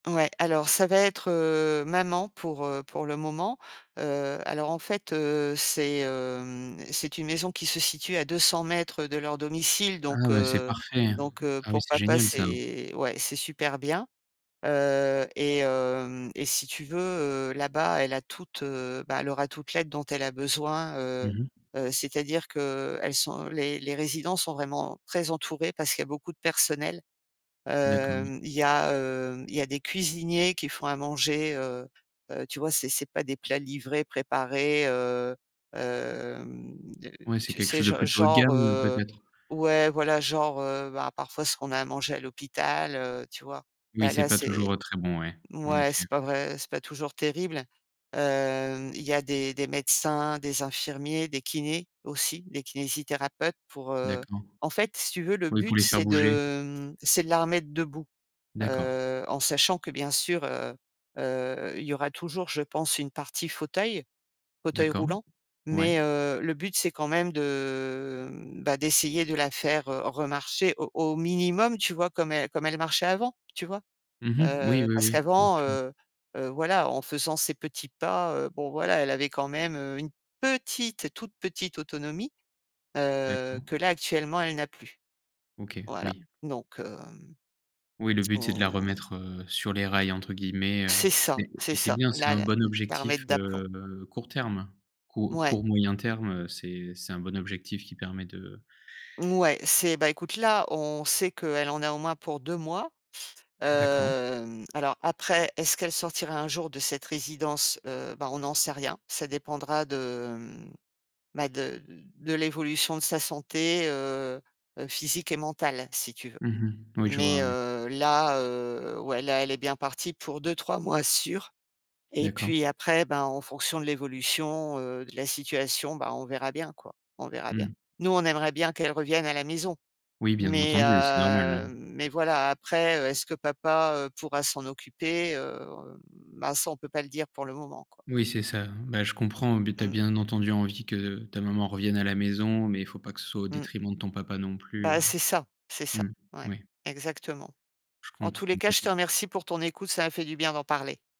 Ouais, alors ça va être, heu, maman pour, heu, pour le moment. Heu, alors en fait, heu, c'est, heu, c'est une maison qui se situe à 200 m de leur domicile. Ah Donc ouais, c'est heu, parfait, heu, donc heu, ah oui, pour c'est papa, génial ça, hein! c'est ouais, c'est super bien. Heu et hem si tu veux, heu, là-bas, elle a toute heu, bah, elle aura toute l'aide dont elle a besoin, Mmh heu, mh. heu, c'est-à-dire qu'elles sont les résidents sont vraiment très entourés parce qu'il y a beaucoup de personnel. D'accord, oui. Hem, il y a, heu, il y a des cuisiniers qui font à manger, heu heu, tu vois? C'est c'est pas des plats livrés, préparés, heu, hem, Ouais, c'est tu quelque sais, chose de gen plutôt haut de genre, gamme, heu, heu, peut-être? ouais, voilà genre, heu, bah parfois ce qu'on a, à manger à l'hôpital, heu, tu vois? Oui Là, c'est là pas toujours, c'est heu, très bon, ouais, en mouais effet. c'est pas vrai, c'est pas toujours terrible. Heu, il y a des des médecins, des infirmiers, des kinés, aussi, des kinésithérapeutes pour, heu D'accord, en fait, si tu veux, le oui pour but, les faire c'est de bouger. heu, c'est de la remettre debout. D'accord. Heu, en sachant que bien sûr, heu heu, il y aura toujours, je pense, une partie fauteuil, fauteuil D'accord, roulant. ouais. Mais, heu, le but, c'est quand même de, heu, bah, d'essayer de la faire, heu, remarcher au au minimum, tu vois? Comme elle elle marchait avant, tu vois? Mmh mh. Oui, Heu, oui, parce oui, bien qu'avant, sûr. heu, voilà, en faisant ses petits pas, heu, bon voilà, elle avait quand même, heu, une petite, toute petite autonomie, heu, D'accord. que là actuellement, elle n'a plus. OK, Voilà oui. donc heu, Oui le but, c'est de la hem remettre, heu, sur «les rails» entre guillemets, heu C'est ça, c'est et c'est ça bien, c'est là, un la bon la objectif remettre d'aplomb. heu, court terme, court Ouais. court moyen terme, heu, c'est c'est un bon objectif qui permet de Ouais, c'est beh, écoute là, on sait qu'elle en a au moins pour 2 mois. D'accord. Hem, alors après, est-ce qu'elle sortira un jour de cette résidence? Heu, bah, on n'en sait rien. Ça dépendra de, mmh, bah de de de l'évolution de sa santé, heu heu, physique et mentale, si tu veux. Mmh mh. Oui je vois, Mais ouais. heu là, heu ouais, là, elle est bien partie pour 2 ou 3 mois sûr et D'accord. puis après bah, en fonction de l'évolution, heu, de la situation, bah on verra bien quoi, on verra bien. Mmh. Nous, on aimerait bien qu'elle revienne à la maison. Oui bien Mais entendu, heu, c'est normal, heu, hein. mais voilà, après heu, est-ce que papa, heu, pourra s'en occuper? Heu, bah, ça, on ne peut pas le dire pour le moment, quoi. Oui c'est ça hein, ben je comprends, beh tu as Mmh. bien entendu envie que ta maman revienne à la maison, mais il ne faut pas que ce soit au Mmh. détriment de ton papa non plus, heu Bah, c'est ça, c'est ça, mmh, ouais, ouais. exactement. Je En tous comprends, les cas, bah je te écoute remercie pour ton écoute, ça m'a fait du bien d'en parler.